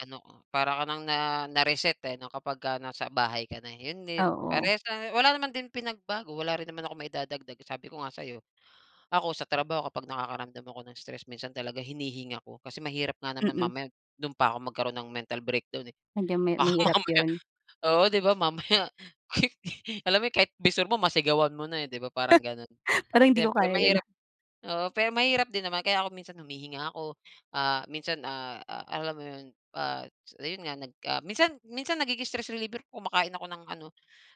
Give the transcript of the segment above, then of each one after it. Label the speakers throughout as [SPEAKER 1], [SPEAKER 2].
[SPEAKER 1] Gano o para ka ng na na-reset eh no, kapagka nasa bahay ka na, yun din
[SPEAKER 2] Oo.
[SPEAKER 1] parehas la wala naman din pinagbago, wala rin naman akong maidadagdag sabi ko nga sa'yo. Ako sa trabaho kapag nakakaramdam ako ng stress minsan talaga hinihinga ko kasi mahirap nga naman
[SPEAKER 2] Mm.
[SPEAKER 1] mamaya dun pa ko magkaroon ng mental breakdown eh.
[SPEAKER 2] Sadyang ma
[SPEAKER 1] Baka
[SPEAKER 2] mahirap
[SPEAKER 1] mamaya
[SPEAKER 2] yun.
[SPEAKER 1] oo 'di ba mamaya, [unintelligible] Alam mo yun, kahit bisor mo masigawan mo na eh, 'di ba, parang ganun.
[SPEAKER 2] Parang hindi ko
[SPEAKER 1] Siyempre
[SPEAKER 2] kaya yun.
[SPEAKER 1] mahirap oo, pero mahirap din naman kaya ako minsan humihinga ako, ah, minsan, ah, a alam mo 'yon, ah, ayun nag, ah, minsan minsan nagiging stress reliever kumakain ako ng ano,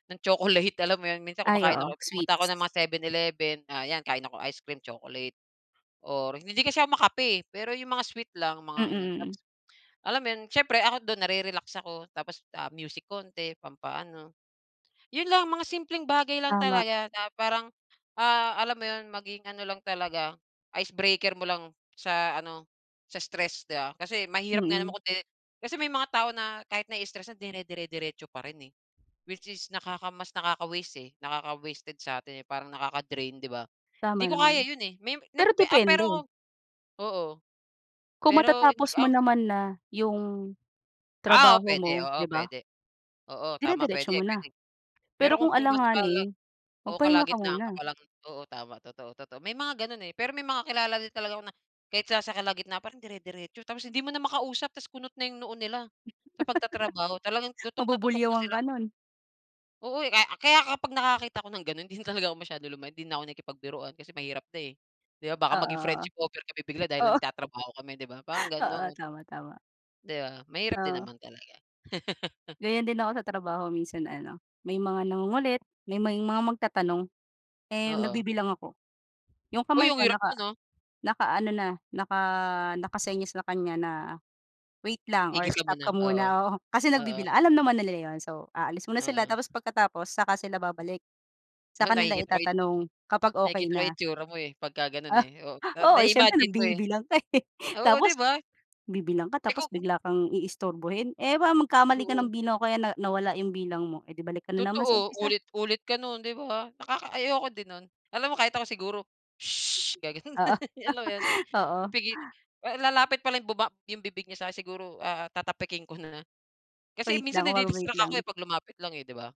[SPEAKER 1] ng chocolate alam mo 'yon minsan
[SPEAKER 2] Ay
[SPEAKER 1] kumakain
[SPEAKER 2] oo,
[SPEAKER 1] ako pumupunta ako
[SPEAKER 2] sweets.
[SPEAKER 1] ng mga 7/11 ah, 'yan kain ako ice cream, chocolate, or hindi kasi ako ma-kape pero 'yong mga sweet lang mga ano
[SPEAKER 2] Mm.
[SPEAKER 1] tapos, alam mo 'yon siyempre ako do'n na-re-relax ako tapos ah, music konti pampa-ano. Yun lang mga simpleng bagay lang
[SPEAKER 2] Tama.
[SPEAKER 1] talaga na parang, ah, alam mo yun? Maging ano lang talaga, icebreaker mo lang sa ano, sa stress 'di ba? Kasi mahirap nga naman
[SPEAKER 2] Mm.
[SPEAKER 1] kung 'di kasi may mga tao na kahit nai-stress na dinedire-diretso pa rin eh. Which is nakaka mas nakaka-waste eh, nakaka-wasted sa'tin parang nakaka-drain, 'di ba? Hindi
[SPEAKER 2] Tama
[SPEAKER 1] ko kaya
[SPEAKER 2] naman.
[SPEAKER 1] yun eh, may ni
[SPEAKER 2] Pero
[SPEAKER 1] ah,
[SPEAKER 2] depende.
[SPEAKER 1] pero oo.
[SPEAKER 2] Kung
[SPEAKER 1] Pero hindi
[SPEAKER 2] matatapos mo
[SPEAKER 1] ang
[SPEAKER 2] naman na yung
[SPEAKER 1] Ah, oo
[SPEAKER 2] trabaho
[SPEAKER 1] pwede,
[SPEAKER 2] mo,
[SPEAKER 1] oo
[SPEAKER 2] 'di ba?
[SPEAKER 1] pwede oo tama
[SPEAKER 2] Dire-diretso mo na.
[SPEAKER 1] pwede-pwede. Pero
[SPEAKER 2] Pero
[SPEAKER 1] kung
[SPEAKER 2] kung
[SPEAKER 1] nasa kala
[SPEAKER 2] alanganin,
[SPEAKER 1] o
[SPEAKER 2] magpahinga ka
[SPEAKER 1] kalagitnaan ka
[SPEAKER 2] muna.
[SPEAKER 1] pa lang oo tama totoo, totoo. May mga ganon eh, pero may mga kilala din talaga ako na kahit sa sa kalagitnaan pa rin dire-diretso tapos hindi mo na makausap tas kunot na yung noo nila, sa pagtatrabaho talagang tutok na tutok na
[SPEAKER 2] Mabubulyawan
[SPEAKER 1] sila.
[SPEAKER 2] ka nun.
[SPEAKER 1] Oo eh, ka kaya kapag nakakita ako ng ganun hindi talaga ako masyado lumayan 'di na ako nakipagbiruan kasi mahirap na eh, 'di ba, baka maging
[SPEAKER 2] Oo.
[SPEAKER 1] friendship over kami bigla dahil
[SPEAKER 2] Oo.
[SPEAKER 1] nagtatrabaho kami 'di ba parang
[SPEAKER 2] Oo
[SPEAKER 1] gano'n.
[SPEAKER 2] tama, tama.
[SPEAKER 1] 'Di ba, mahirap din
[SPEAKER 2] Oh.
[SPEAKER 1] naman talaga.
[SPEAKER 2] Ganyan din ako sa trabaho minsan ano, may mga nangungulit, may may mga magtatanong, eh,
[SPEAKER 1] Oo.
[SPEAKER 2] nagbibilang ako, yung kamay
[SPEAKER 1] Uy, ang
[SPEAKER 2] ko
[SPEAKER 1] hirap
[SPEAKER 2] naka
[SPEAKER 1] nun ah.
[SPEAKER 2] naka-ano na, naka naka-senyas sa kanya na, wait lang or
[SPEAKER 1] Tigil ka
[SPEAKER 2] stop
[SPEAKER 1] muna,
[SPEAKER 2] ka
[SPEAKER 1] oo.
[SPEAKER 2] muna, oo, kasi
[SPEAKER 1] Oo.
[SPEAKER 2] nagbibilang alam naman na nila yun so aalis muna sila
[SPEAKER 1] Oo.
[SPEAKER 2] tapos pagkatapos saka sila babalik.
[SPEAKER 1] Ah,
[SPEAKER 2] Saka nila
[SPEAKER 1] nakikita ko yun.
[SPEAKER 2] itatanong kapag okey
[SPEAKER 1] Nakikita yung
[SPEAKER 2] na.
[SPEAKER 1] itsura mo eh, pagka
[SPEAKER 2] Ah,
[SPEAKER 1] ganon eh, oo
[SPEAKER 2] oo, siyempre
[SPEAKER 1] na-imagine ko eh.
[SPEAKER 2] nagbibilang ka eh,
[SPEAKER 1] Oo, 'di
[SPEAKER 2] tapos,
[SPEAKER 1] ba?
[SPEAKER 2] bibilang ka
[SPEAKER 1] Eh
[SPEAKER 2] tapos
[SPEAKER 1] kung
[SPEAKER 2] bigla kang iistorbohin eh, 'pag mag-kamali ka ng
[SPEAKER 1] Oo.
[SPEAKER 2] bilang kaya na nawala yung bilang mo, eh 'di balik ka na naman sa
[SPEAKER 1] Totoo,
[SPEAKER 2] umpisa.
[SPEAKER 1] ulit-ulit ka nun, 'di ba? Nakaka ayoko din nun, alam mo kahit ako siguro, "sush," gaganun,
[SPEAKER 2] Oo.
[SPEAKER 1] alam mo yun?
[SPEAKER 2] Oo.
[SPEAKER 1] Pipigi eh, lalapit pala yung baba yung bibig niya sa'kin siguro tatapikin ko na, kasi
[SPEAKER 2] Wait
[SPEAKER 1] minsan
[SPEAKER 2] lang, oo wait
[SPEAKER 1] nadi-distract
[SPEAKER 2] lang.
[SPEAKER 1] ako pag lumapit lang eh, 'di ba?